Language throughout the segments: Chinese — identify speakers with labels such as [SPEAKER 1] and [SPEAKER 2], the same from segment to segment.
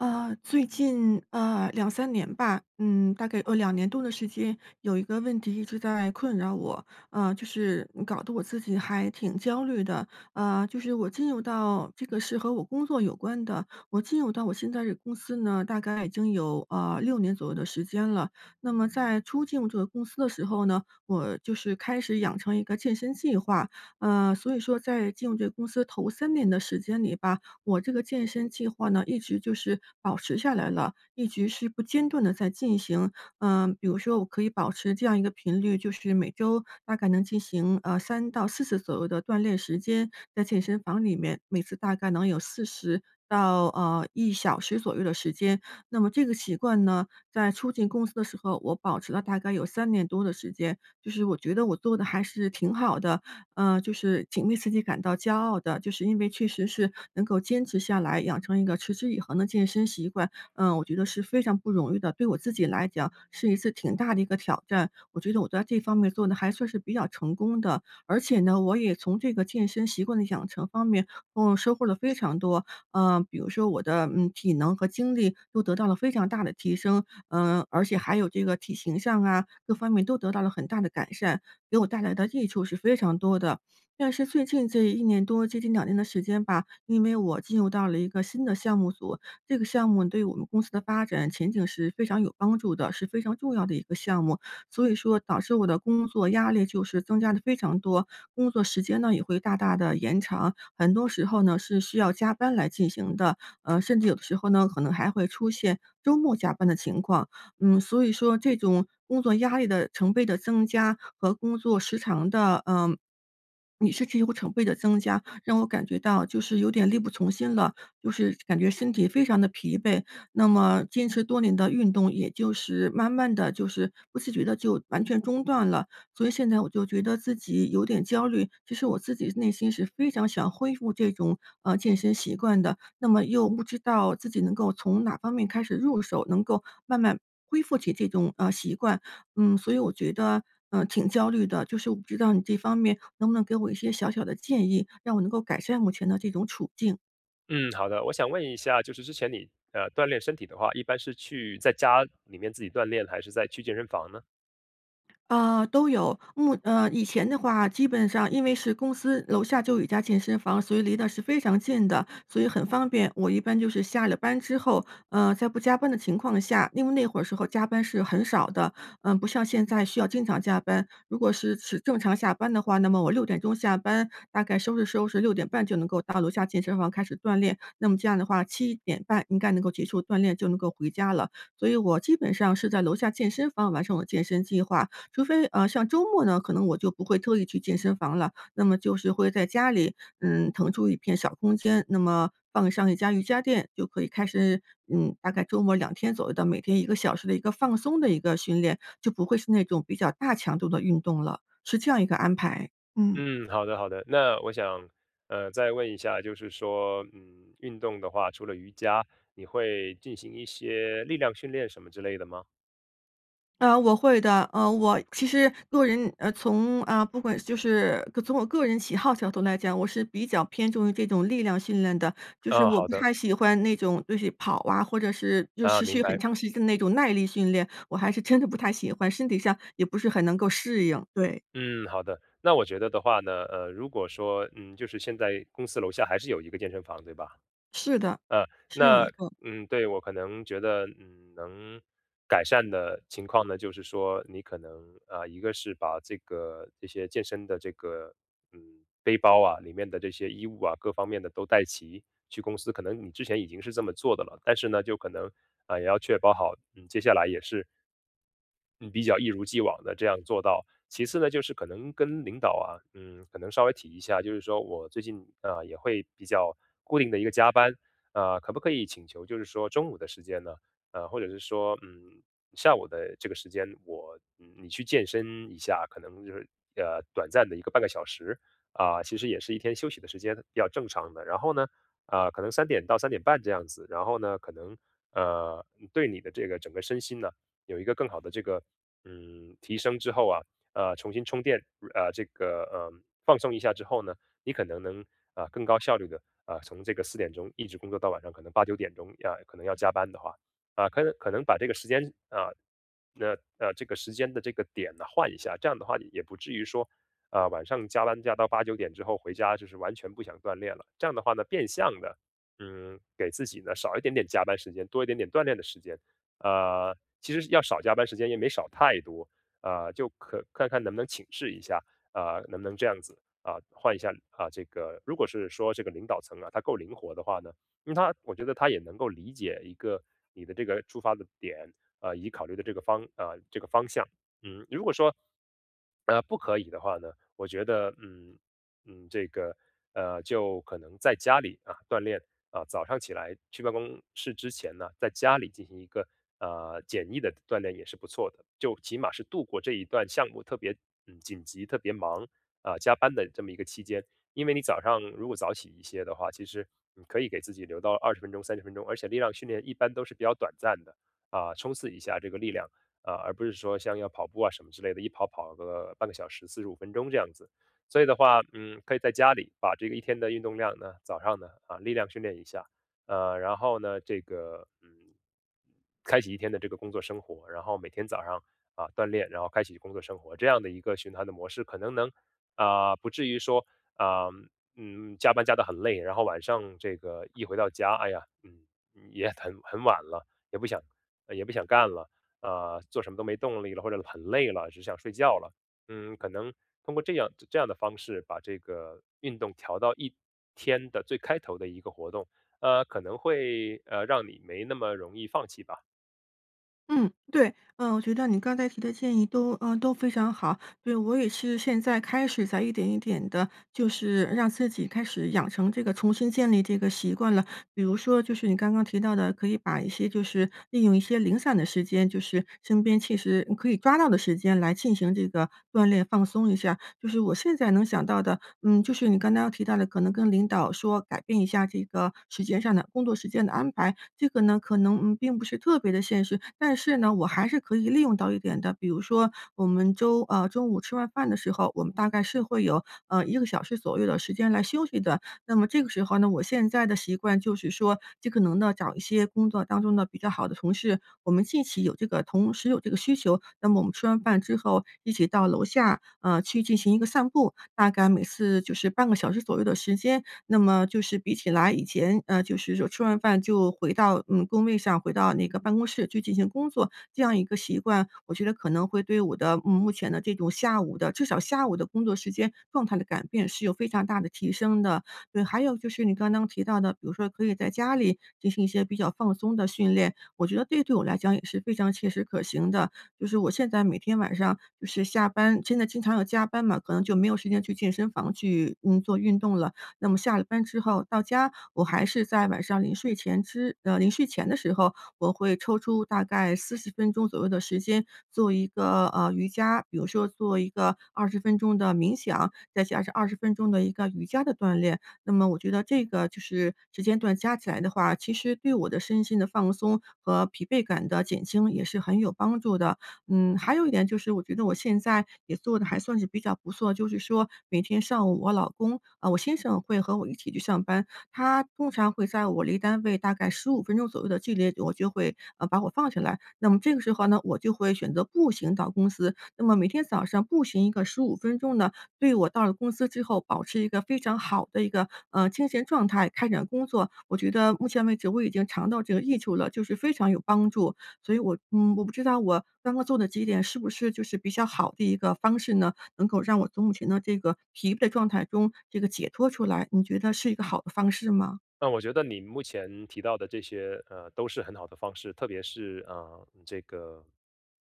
[SPEAKER 1] 呃，最近呃，2-3年吧，嗯，大概呃，2年多的时间有一个问题一直在困扰我，呃，就是嗯搞得我自己还挺焦虑的。呃，就是我进入到这个是和我工作有关的，我进入到我现在这个公司呢，大概已经有呃，6年左右的时间了。那么在初进入这个公司的时候呢，我就是开始养成一个健身计划，呃，所以说在进入这个公司头3年的时间里吧，我这个健身计划呢，一直就是保持下来了，一直是不间断地在进行。呃，比如说我可以保持这样一个频率，就是每周大概能进行呃，3到4次左右的锻炼时间，在健身房里面每次大概能有40到呃，1小时左右的时间。那么这个习惯呢，在初进公司的时候，我保持了大概有3年多的时间，就是我觉得我做的还是挺好的，呃，就是挺为自己感到骄傲的，就是因为确实是能够坚持下来，养成一个持之以恒的健身习惯，嗯，我觉得是非常不容易的，对我自己来讲是一次挺大的一个挑战，我觉得我在这方面做的还算是比较成功的。而且呢，我也从这个健身习惯的养成方面，呃，收获了非常多，呃，比如说我的，嗯，体能和精力都得到了非常大的提升，呃，而且还有这个体形上啊，各方面都得到了很大的改善，给我带来的益处是非常多的。但是最近这1年多接近2年的时间吧，因为我进入到了一个新的项目组，这个项目对我们公司的发展前景是非常有帮助的，是非常重要的一个项目，所以说导致我的工作压力就是增加得非常多，工作时间呢，也会大大地延长，很多时候呢，是需要加班来进行的，呃，甚至有的时候呢，可能还会出现周末加班的情况。嗯，所以说这种工作压力的成倍的增加和工作时长的呃，也甚至会成倍的增加，让我感觉到就是有点力不从心了，就是感觉身体非常的疲惫。那么坚持多年的运动也就是慢慢地就是不自觉地就完全中断了，所以现在我就觉得自己有点焦虑，其实我自己内心是非常想恢复这种，呃，健身习惯的，那么又不知道自己能够从哪方面开始入手，能够慢慢恢复起这种，呃，习惯，嗯，所以我觉得，呃，挺焦虑的，就是我不知道你这方面能不能给我一些小小的建议，让我能够改善目前的这种处境？
[SPEAKER 2] 嗯，好的。我想问一下就是之前你，呃，锻炼身体的话，一般是去在家里面自己锻炼还是在去健身房呢？
[SPEAKER 1] 呃，都有。目呃，以前的话基本上因为是公司楼下就有一家健身房，所以离得是非常近的。所以很方便，我一般就是下了班之后，呃，在不加班的情况下因为那会儿时候加班是很少的，呃，不像现在需要经常加班。如果是是正常下班的话，那么我6:00钟下班大概收拾收拾6:30就能够到楼下健身房开始锻炼，那么这样的话7:30应该能够结束锻炼就能够回家了。所以我基本上是在楼下健身房完成我健身计划。除非啊，像周末呢，可能我就不会特意去健身房了，那么就是会在家里，嗯，腾出一片小空间，那么放上1张瑜伽垫就可以开始，嗯，大概周末2天左右的每天1个小时的一个放松的一个训练，就不会是那种比较大强度的运动了。是这样一个安排，嗯。
[SPEAKER 2] 嗯，好的，好的。那我想，呃，再问一下就是说，嗯，运动的话，除了瑜伽，你会进行一些力量训练什么之类的吗？
[SPEAKER 1] 呃，我会的，呃，我其实个人呃，从啊，不管就是从我个人喜好角度来讲，我是比较偏重于这种力量训练的，就是
[SPEAKER 2] 啊，
[SPEAKER 1] 我
[SPEAKER 2] 好
[SPEAKER 1] 不
[SPEAKER 2] 的。
[SPEAKER 1] 太喜欢那种就是跑啊，或者是就
[SPEAKER 2] 啊，
[SPEAKER 1] 持
[SPEAKER 2] 明
[SPEAKER 1] 续
[SPEAKER 2] 白。
[SPEAKER 1] 很长时间的那种耐力训练，我还是真的不太喜欢，身体上也不是很能够适应，对。
[SPEAKER 2] 嗯，好的，那我觉得的话呢，呃，如果说，嗯，就是现在公司楼下还是有一个健身房对吧？
[SPEAKER 1] 是的，
[SPEAKER 2] 呃，
[SPEAKER 1] 是有一
[SPEAKER 2] 那，
[SPEAKER 1] 个。
[SPEAKER 2] 嗯，对，我可能觉得，嗯，能改善的情况呢就是说你可能，呃，一个是把这个这些健身的这个，嗯，背包啊里面的这些衣物啊，各方面的都带齐去公司。可能你之前已经是这么做的了。但是呢就可能，啊，也要确保好，嗯，接下来也是嗯，比较一如既往地这样做到。其次呢就是可能跟领导啊，嗯，可能稍微提一下，就是说我最近，呃，也会比较固定的一个加班，呃，可不可以请求就是说中午的时间呢，呃，或者是说，嗯，下午的这个时间我，嗯，你去健身一下，可能就是，呃，短暂的1个半个小时，啊，其实也是一天休息的时间要正常的。然后呢，呃，可能3:00-3:30这样子，然后呢可能，呃，对你的这个整个身心呢，有一个更好的这个，嗯，提升之后啊，呃，重新充电，呃，这个呃，放松一下之后呢，你可能能，呃，更高效率地，呃，从这个4:00钟一直工作到晚上可能8:00-9:00钟呃，可能要加班的话。呃，可能可能把这个时间啊，那呃，这个时间的这个点呢换一下，这样的话你也不至于说，呃，晚上加班加到8:00，9:00之后回家就是完全不想锻炼了，这样的话呢，变相地，嗯，给自己呢少一点点加班时间，多一点点锻炼的时间，呃，其实要少加班时间也没少太多。呃，就可看看能不能请示一下，呃，能不能这样子，啊，换一下。啊，这个，如果是说这个领导层啊，他够灵活的话呢，因为他我觉得他也能够理解一个你的这个出发的点，呃，以考虑的这个方呃，这个方向。嗯，如果说，呃，不可以的话呢，我觉得，嗯，嗯，这个，呃，就可能在家里啊锻炼，啊，早上起来去办公室之前呢，在家里进行一个，呃，简易的锻炼也是不错的，就起码是度过这一段项目特别，嗯，紧急特别忙，啊，加班的这么一个期间。因为你早上如果早起一些的话，其实你可以给自己留到20分钟、30分钟，而且力量训练一般都是比较短暂的，啊，冲刺一下这个力量，啊，而不是说像要跑步啊什么之类的，一跑跑个半个小时、45分钟这样子。所以的话，嗯，可以在家里把这个一天的运动量呢，早上呢，啊，力量训练一下。呃，然后呢这个，嗯，开启一天的这个工作生活。然后每天早上，啊，锻炼，然后开启工作生活，这样的一个循环的模式可能能，呃，不至于说，呃，嗯，加班加得很累，然后晚上这个一回到家，哎呀，嗯，也很很晚了，也不想呃，也不想干了，呃，做什么都没动力了或者很累了只想睡觉了。嗯，可能通过这样这样的方式把这个运动调到一天的最开头的一个活动，呃，可能会，呃，让你没那么容易放弃吧。
[SPEAKER 1] 嗯，对。呃，我觉得你刚才提的建议都呃，都非常好。对，我也是现在开始在一点一点的就是让自己开始养成这个重新建立这个习惯了。比如说就是你刚刚提到的，可以把一些就是利用一些零散的时间，就是身边其实可以抓到的时间来进行这个锻炼放松一下。就是我现在能想到的，嗯，就是你刚刚提到的，可能跟领导说改变一下这个时间上的工作时间的安排。这个呢可能，嗯，并不是特别的现实，但是呢，我还是可以利用到一点的，比如说我们周呃，中午吃完饭的时候，我们大概是会有呃，1个小时左右的时间来休息的。那么这个时候呢，我现在的习惯就是说尽可能的找一些工作当中的比较好的同事，我们近期有这个同时有这个需求，那么我们吃完饭之后一起到楼下呃，去进行一个散步，大概每次就是半个小时左右的时间。那么就是比起来以前呃，就是吃完饭就回到，嗯，工位上，回到那个办公室就进行工作，这样一个习惯，我觉得可能会对我的目目前的这种下午的至少下午的工作时间状态的改变是有非常大的提升的。对，还有就是你刚刚提到的，比如说可以在家里进行一些比较放松的训练，我觉得这对我来讲也是非常切实可行的。就是我现在每天晚上就是下班，现在经常要加班嘛，可能就没有时间去健身房去，嗯，做运动了。那么下了班之后到家，我还是在晚上临睡前之呃，临睡前的时候，我会抽出大概40分钟左右的时间做一个，呃，瑜伽，比如说做一个20分钟的冥想，再加上20分钟的一个瑜伽的锻炼。那么我觉得这个就是时间段加起来的话，其实对我的身心的放松和疲惫感的减轻也是很有帮助的。嗯，还有一点就是我觉得我现在也做的还算是比较不错，就是说每天上午我老公，啊，我先生会和我一起去上班，他通常会在我离单位大概15分钟左右的距离，我就会呃，把我放下来。那么这个时候呢，我就会选择步行到公司，那么每天早上步行一个15分钟呢，对我到了公司之后保持一个非常好的一个，呃，精神状态开展工作，我觉得目前为止我已经尝到这个益处了，就是非常有帮助。所以我嗯，我不知道我刚刚做的几点是不是就是比较好的一个方式呢？能够让我从目前的这个疲惫状态中这个解脱出来，你觉得是一个好的方式吗？
[SPEAKER 2] 那我觉得你目前提到的这些呃，都是很好的方式，特别是，呃，这个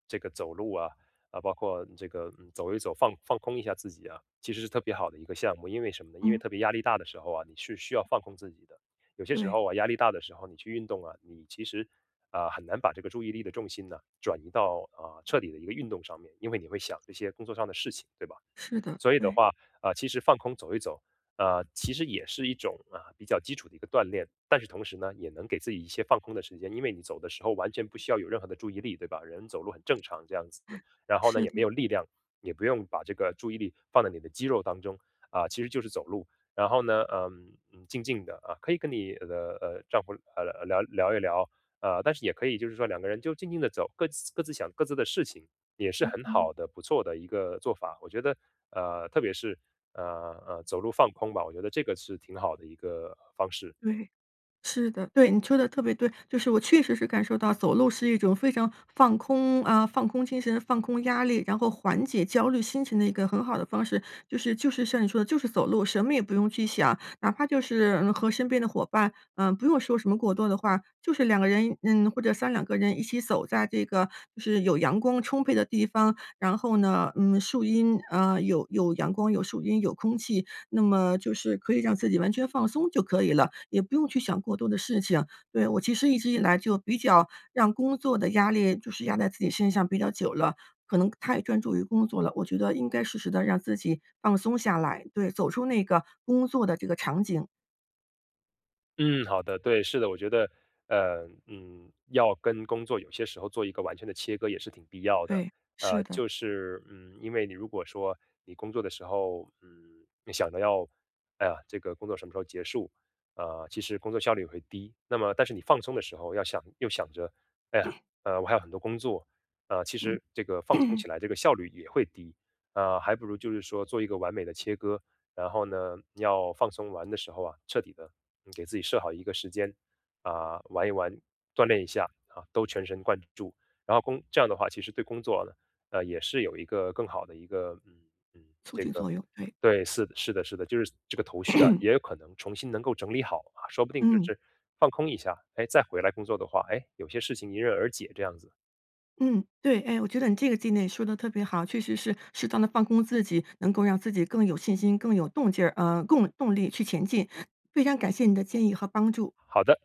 [SPEAKER 2] 这个走路啊，呃，包括这个走一走，放放空一下自己啊，其实是特别好的一个项目，因为什么呢？因为
[SPEAKER 1] 嗯。
[SPEAKER 2] 特别压力大的时候啊，你是需要放空自己的。有些时
[SPEAKER 1] 对。
[SPEAKER 2] 候啊，压力大的时候你去运动啊，你其实呃，很难把这个注意力的重心呢，转移到呃，彻底的一个运动上面，因为你会想这些工作上的事情，对吧？
[SPEAKER 1] 是的，
[SPEAKER 2] 所以的
[SPEAKER 1] 对。
[SPEAKER 2] 话，呃，其实放空走一走，啊，其实也是一种，啊，比较基础的一个锻炼，但是同时呢，也能给自己一些放空的时间。因为你走的时候完全不需要有任何的注意力，对吧？人走路很正常这样子，然后呢
[SPEAKER 1] 是
[SPEAKER 2] 也没
[SPEAKER 1] 的。
[SPEAKER 2] 有力量，也不用把这个注意力放在你的肌肉当中。啊，其实就是走路，然后呢，呃呃，静静的啊，可以跟你呃，的呃，丈夫呃，呃，聊聊一聊，呃，但是也可以就是说两个人就静静地走各自各自想各自的事情，也是
[SPEAKER 1] 嗯
[SPEAKER 2] 很
[SPEAKER 1] 嗯。
[SPEAKER 2] 好的不错的一个做法。我觉得，呃，特别是，呃，呃，走路放空吧我觉得这个是挺好的一个方式。
[SPEAKER 1] 对，是的。对，你说的特别对，就是我确实是感受到走路是一种非常放空啊，放空精神、放空压力，然后缓解焦虑心情的一个很好的方式。就是就是像你说的就是走路，什么也不用去想。哪怕就是，嗯，和身边的伙伴呃，不用说什么过多的话，就是两个人，嗯，或者3-2个人一起走在这个就是有阳光充沛的地方，然后呢，嗯，树阴，啊，有有阳光、有树荫、有空气，那么就是可以让自己完全放松就可以了，也不用去想过多的事情。对，我其实一直以来就比较让工作的压力就是压在自己身上比较久了，可能太专注于工作了。我觉得应该适时地让自己放松下来，对，走出那个工作的这个场景。
[SPEAKER 2] 嗯，好的，对，是的。我觉得，呃，嗯，要跟工作有些时候做一个完全的切割也是挺必要的。
[SPEAKER 1] 对，
[SPEAKER 2] 呃，
[SPEAKER 1] 是的。
[SPEAKER 2] 就是，嗯，因为你如果说你工作的时候，嗯，你想着要：“哎呀这个工作什么时候结束。”呃，其实工作效率会低。那么但是你放松的时候要想又想着：“哎呀，呃，我还有很多工作。”呃，其
[SPEAKER 1] 嗯。
[SPEAKER 2] 实这个放松 起来这个效率也会低，呃，还不如就是说做一个完美的切割，然后呢，要放松玩的时候啊，彻底地，嗯，给自己设好一个时间，啊，玩一玩，锻炼一下，哈，都全神贯注，然后工这样的话其实对工作呢，呃，也是有一个更好的一个嗯，嗯
[SPEAKER 1] 促
[SPEAKER 2] 这
[SPEAKER 1] 进
[SPEAKER 2] 个，
[SPEAKER 1] 作用，对。
[SPEAKER 2] 对，是是的是的，就是这个头绪啊，也有可能重新能够整理好啊，说不定就
[SPEAKER 1] 嗯。
[SPEAKER 2] 是放空一下，诶，再回来工作的话，诶，有些事情迎刃而解这样子。
[SPEAKER 1] 嗯，对。哎，我觉得你这个建议说得特别好。确实是适当地放空自己，能够让自己更有信心，更有动劲儿，呃，供动力去前进。非常感谢你的建议和帮助。
[SPEAKER 2] 好的。